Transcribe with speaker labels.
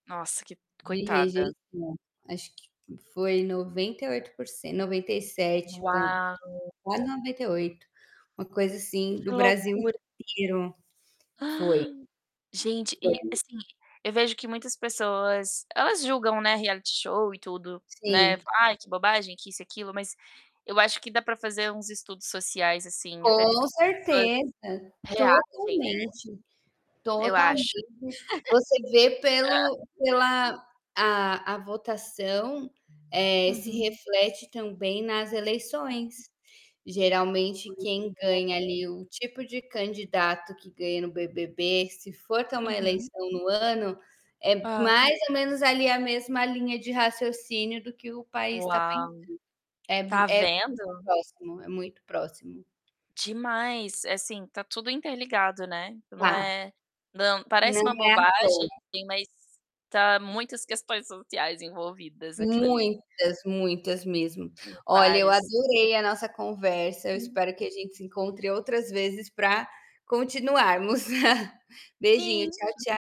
Speaker 1: Nossa, que
Speaker 2: De
Speaker 1: coitada.
Speaker 2: rejeição. Acho que foi 98 por cen 97 ponto
Speaker 1: Uau!
Speaker 2: quase 98. Uma coisa assim,
Speaker 1: Que
Speaker 2: do Brasil
Speaker 1: loucura.
Speaker 2: inteiro. Foi.
Speaker 1: Gente, e,
Speaker 2: [unintelligible]
Speaker 1: assim, eu vejo que muitas pessoas, elas julgam, né, reality show e tudo, né.
Speaker 2: Sim.
Speaker 1: Falam: "Ai, que bobagem, que isso e aquilo", mas eu acho que dá pra fazer uns estudos sociais, assim, até de
Speaker 2: Com
Speaker 1: como as pessoas
Speaker 2: certeza.
Speaker 1: reagem,
Speaker 2: Totalmente.
Speaker 1: né? Eu acho.
Speaker 2: Totalmente. Você vê pelo pela a a votação, eh, se
Speaker 1: Uhum.
Speaker 2: reflete também nas
Speaker 1: Hã.
Speaker 2: eleições. Geralmente,
Speaker 1: Pois
Speaker 2: quem ganha
Speaker 1: é [unintelligible]
Speaker 2: ali o tipo de candidato que ganha no BBB, se for ter uma
Speaker 1: Uhum.
Speaker 2: eleição no ano, é
Speaker 1: É.
Speaker 2: mais ou menos ali a mesma linha de raciocínio do que o país tá pensando.
Speaker 1: Uau.
Speaker 2: É mu
Speaker 1: Tá
Speaker 2: é muito
Speaker 1: vendo!
Speaker 2: próximo. É muito próximo.
Speaker 1: Demais. É, assim, tá tudo interligado, né. Não
Speaker 2: Tá.
Speaker 1: é não parece
Speaker 2: Não
Speaker 1: uma
Speaker 2: é à
Speaker 1: bobagem,
Speaker 2: toa.
Speaker 1: mas tá muitas questões sociais envolvidas naquilo ali.
Speaker 2: Muitas, muitas mesmo.
Speaker 1: Tem
Speaker 2: Olha, eu
Speaker 1: vários.
Speaker 2: adorei a nossa conversa. Eu
Speaker 1: [unintelligible]
Speaker 2: espero que a gente se encontre outras vezes pra continuarmos. Beijinho,
Speaker 1: Sim.
Speaker 2: tchau, tcha